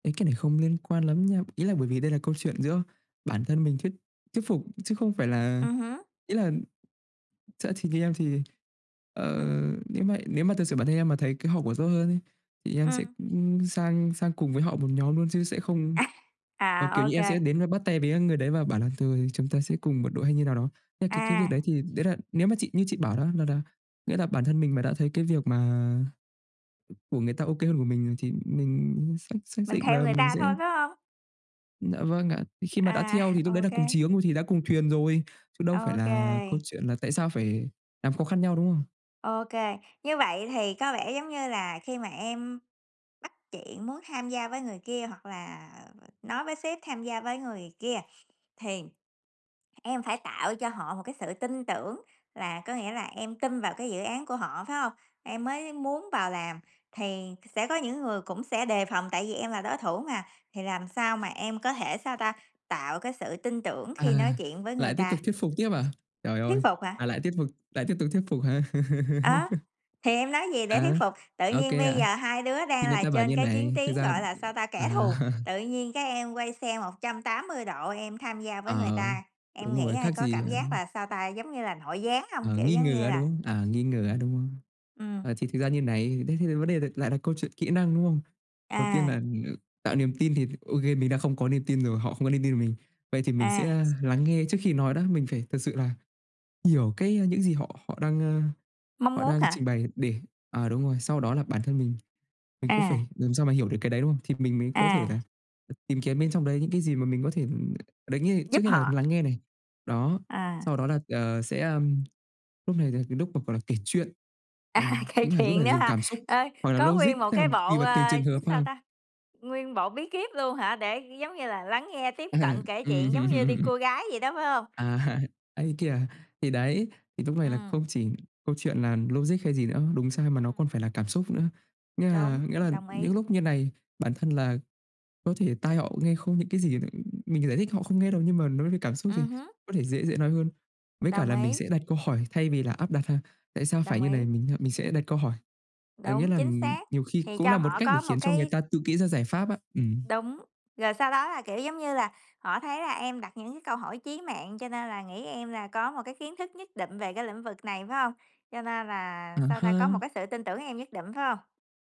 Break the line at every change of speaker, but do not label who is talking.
Ê, cái này không liên quan lắm nha, ý là bởi vì đây là câu chuyện giữa bản thân mình thuyết thuyết phục chứ không phải là
Ừm hứm.
ý là sẽ thì như em thì, ờ,
Ừm.
nếu mà nếu mà thực sự bản thân em mà thấy cái hậu quả rõ hơn ấy thì em sẽ,
Ừm.
ư, sang sang cùng với họ một nhóm luôn, chứ sẽ không
À!
ờ, kiểu
À, ô
như em sẽ
kê.
đến và bắt tay với, à, người đấy và bảo là "Tôi, chúng ta sẽ cùng một đội" hay như nào đó. Thế cái cái việc
À.
đấy thì đấy là nếu mà chị như chị bảo đó là là nghĩa là bản thân mình mà đã thấy cái việc mà của người ta OK hơn của mình, ờ, thì mình xác xác
Mình
định
theo
là
người
mình
ta
sẽ
thôi, phải hông?
Dạ vâng ạ, khi mà đã
À,
theo thì lúc
ô
đấy là cùng chí
kê.
hướng rồi thì đã cùng thuyền rồi, chứ đâu phải
Ô
là câu
kê.
chuyện là tại sao phải làm khó khăn nhau, đúng không?
Ô kê. Như vậy thì có vẻ giống như là khi mà em bắt chuyện muốn tham gia với người kia hoặc là, ờ, ờ, nói với sếp tham gia với người kia, thì em phải tạo cho họ một cái sự tin tưởng là có nghĩa là em tin vào cái dự án của họ, phải hông? Em mới muốn vào làm thì sẽ có những người cũng sẽ đề phòng tại vì em là đối thủ mà, thì làm sao mà em có thể sao ta? Tạo cái sự tin tưởng khi
À,
nói chuyện với
lại
người
tiếp
ta.
tục thuyết phục tiếp à? Trời
Thuyết
ơi,
phục
à,
hả?
lại tiếp vực lại tiếp tục thuyết phục hả?
Đó, thì em nói gì để thuyết
À,
phục? Tự
OK
nhiên bây
ạ.
giờ hai đứa
Thì
đang
người
là
ta bảo
trên
như thế
cái chiến
này,
tuyến,
thực ra
gọi là sao ta? Kẻ
à.
thù, tự nhiên cái em quay xe 180 độ em tham gia với người
À,
ta, em
đúng
nghĩ
rồi,
ai
khác
có
gì
cảm
á.
giác là sao ta? Giống như là nội gián hông?
Ờ,
Kiểu
nghi
giống
ngờ,
như
á,
là
đúng không? À, nghi ngờ,
ừm.
á, đúng không?
Ừm.
À, thì thực ra như này, thế thì vấn đề được lại là câu chuyện kỹ năng, đúng không? Đầu tiên
À.
là tạo niềm tin thì OK mình đã không có niềm tin rồi họ không có niềm tin ở mình. Vậy thì mình
À.
sẽ lắng nghe trước khi nói đó, mình phải thật sự là hiểu cái những gì họ họ đang, a,
Mong
họ
muốn
đang
hả?
trình bày để ờ, đúng rồi, sau đó là bản thân mình, mình cũng
À.
phải làm sao mà hiểu được cái đấy, đúng không? Thì mình mới có thể
À.
là, ừ, tìm kiếm bên trong đấy những cái gì mà mình có thể, ừ đấy nghĩa
Giúp
trước nhất là
họ.
lắng nghe này, đó,
À.
sau đó là, ờ, sẽ, ừm, lúc này là cái lúc mà gọi là kể chuyện,
À,
ờ,
kể
nghĩa là lúc
chuyện
này
nữa
dùng
hả?
cảm xúc
Ờ,
hoặc là
có
logic,
nguyên một
tức là
cái
tùy
bộ,
vào từng
ờ,
trường
viết
hợp
sao
ha.
ta? Nguyên bộ bí kiếp luôn hả? Để giống như là lắng nghe, tiếp
À,
cận, kể
ừm.
chuyện giống như đi cua gái vậy đó, phải hông?
À, ấy thế kìa. Thì đấy, thì lúc này là
Ừm.
không chỉ câu chuyện là logic hay gì nữa, đúng sai mà nó còn
Ừm.
phải là cảm xúc nữa. Nghĩa là
Đúng,
nghĩa là
đồng ý.
những lúc như này, bản thân là có thể tai họ nghe không những cái gì nữa, mình giải thích họ không nghe đâu nhưng mà nói về cảm xúc thì
Ừm hứm.
có thể dễ dễ nói hơn. Với cả
Đồng
là mình
ý.
sẽ đặt câu hỏi thay vì là áp đặt ha. Tại sao phải
Đồng
như này?
ý.
Mình mình sẽ đặt câu hỏi, ờ, nghĩa
Đúng,
là, ừ,
chính xác,
nhiều khi
thì
cũng
cho
là một
họ
cách để
có một
khiến cho người
cái
ta tự kỉ ra giải pháp á. Ừm.
Đúng, rồi sau đó là, kiểu, giống như là họ thấy là em đặt những cái câu hỏi chí mạng, cho nên là nghĩ em là có một cái kiến thức nhất định về cái lĩnh vực này, phải hông? Cho nên là,
Ờ
sao ta, có một
ha.
cái sự tin tưởng em nhất định, phải hông?